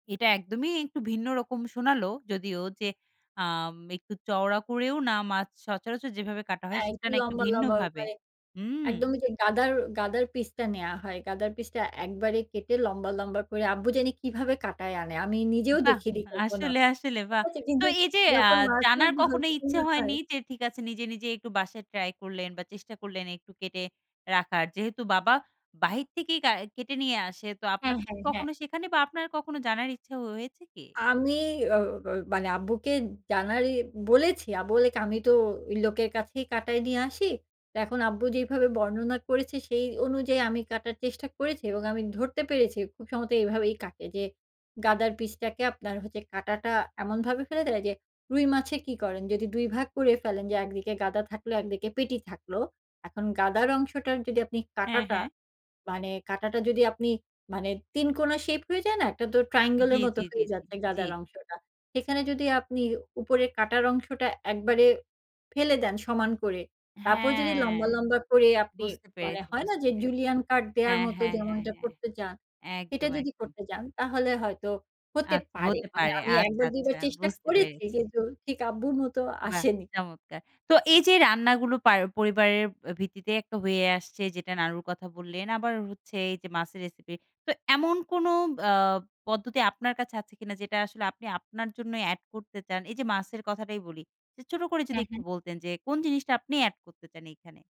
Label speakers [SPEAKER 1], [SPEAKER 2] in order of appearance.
[SPEAKER 1] এটা একদমই একটু ভিন্ন রকম শোনালো যদিও যে আম একটু চওড়া করেও না মাছ সচরাচর যেভাবে কাটা হয়,
[SPEAKER 2] হ্যাঁ,
[SPEAKER 1] সেটা
[SPEAKER 2] একটু
[SPEAKER 1] না একটু
[SPEAKER 2] লম্বা, লম্বা
[SPEAKER 1] ভিন্নভাবে
[SPEAKER 2] মানে
[SPEAKER 1] হুম!
[SPEAKER 2] একদম ওইযে গাদার গাদার পিসটা নেওয়া হয়, গাদার পিসটা একবারে কেটে লম্বা, লম্বা করে আব্বু জানি কিভাবে কাটায় আনে। আমি নিজেও
[SPEAKER 1] বাহ!
[SPEAKER 2] দেখিনি কখনো।
[SPEAKER 1] আসলে, আসলে।
[SPEAKER 2] ঠিক
[SPEAKER 1] বাহ!
[SPEAKER 2] আছে?
[SPEAKER 1] তো
[SPEAKER 2] কিন্তু
[SPEAKER 1] এইযে আ
[SPEAKER 2] যখন মাছই
[SPEAKER 1] জানার
[SPEAKER 2] ভালো
[SPEAKER 1] কখনো ইচ্ছে
[SPEAKER 2] রকমের হয়
[SPEAKER 1] হয়নি? যে ঠিক আছে নিজে, নিজে একটু বাসায় ট্রাই করলেন বা, চেষ্টা করলেন একটু কেটে রাখার। যেহেতু বাবা বাহির থেকেই কা কেটে নিয়ে আসে তো
[SPEAKER 2] হ্যাঁ,
[SPEAKER 1] আপনাদের কি
[SPEAKER 2] হ্যাঁ, হ্যাঁ।
[SPEAKER 1] কখনো সেখানে বা, আপনার কখনো জানার ইচ্ছা হয়েছে কি?
[SPEAKER 2] আমি ও ব মানে আব্বুকে জানারই বলেছি। আব্বু বলেকি, "আমি তো ঐ লোকের কাছেই কাটায় নিয়ে আসি।" ত এখন আব্বু যেইভাবে বর্ণনা করেছে, সেই অনুযায়ী আমি কাটার চেষ্টা করেছি এবং আমি ধরতে পেরেছি খুব সম্ভবত এভাবেই কাটে যে গাদার পিসটাকে আপনার কাটাটা এমনভাবে ফেলে দেয় যে রুই মাছে কি করেন? যদি ২ ভাগ করে ফেলেন যে একদিকে গাদা থাকলে, একদিকে পেটি থাকলো। এখন গাদার অংশটার যদি আপনি
[SPEAKER 1] হ্যাঁ,
[SPEAKER 2] কাঁটাটা,
[SPEAKER 1] হ্যাঁ।
[SPEAKER 2] মানে কাঁটাটা যদি আপনি মানে ৩ কোনা শেপ হয়ে যায় না? একটা তো triangle
[SPEAKER 1] জি,
[SPEAKER 2] এর মত
[SPEAKER 1] জি, জি,
[SPEAKER 2] হয়ে
[SPEAKER 1] জি,
[SPEAKER 2] যাচ্ছে
[SPEAKER 1] জি।
[SPEAKER 2] গাদার অংশটা। সেখানে যদি আপনি উপরে কাটার অংশটা একবারে ফেলে দেন সমান করে। তারপর যদি
[SPEAKER 1] হ্যাঁ!
[SPEAKER 2] লম্বা, লম্বা করে আপনি
[SPEAKER 1] বুঝতে
[SPEAKER 2] মানে
[SPEAKER 1] পেরেছি,
[SPEAKER 2] হয় না?
[SPEAKER 1] বুঝতে
[SPEAKER 2] যে
[SPEAKER 1] পেরেছি।
[SPEAKER 2] julienne cut দেয়ার
[SPEAKER 1] হ্যাঁ,
[SPEAKER 2] মতো
[SPEAKER 1] হ্যাঁ, হ্যাঁ,
[SPEAKER 2] যেমনটা
[SPEAKER 1] হ্যাঁ।
[SPEAKER 2] করতে চান, সেটা
[SPEAKER 1] একদম,
[SPEAKER 2] যদি
[SPEAKER 1] একদম।
[SPEAKER 2] করতে যান তাহলে হয়তো হতে
[SPEAKER 1] আচ্ছা
[SPEAKER 2] পারে।
[SPEAKER 1] হতে
[SPEAKER 2] মানে
[SPEAKER 1] পারে।
[SPEAKER 2] আমি
[SPEAKER 1] আচ্ছা,
[SPEAKER 2] একবার, দুইবার
[SPEAKER 1] আচ্ছা।
[SPEAKER 2] চেষ্টা
[SPEAKER 1] বুঝতে
[SPEAKER 2] করেছি
[SPEAKER 1] পেরেছি।
[SPEAKER 2] যে দু ঠিক আব্বুর মতো
[SPEAKER 1] বাহ!
[SPEAKER 2] আসেনি।
[SPEAKER 1] চমৎকার। তো এইযে রান্নাগুলো পার পরিবারের আ ভিত্তিতে একটা হয়ে আসছে। যেটা নানুর কথা বললেন। আবার হচ্ছে এইযে মাছের রেসিপি। তো এমন কোনো বা পদ্ধতি আপনার কাছে আছে কিনা যেটা আসলে আপনি আপনার জন্যই এড করতে চান? এইযে মাছের কথাটাই বলি। যে ছোট করে যদি
[SPEAKER 2] হ্যাঁ,
[SPEAKER 1] একটু
[SPEAKER 2] হ্যাঁ।
[SPEAKER 1] বলতেন যে কোন জিনিসটা আপনি এড করতে চান এইখানে?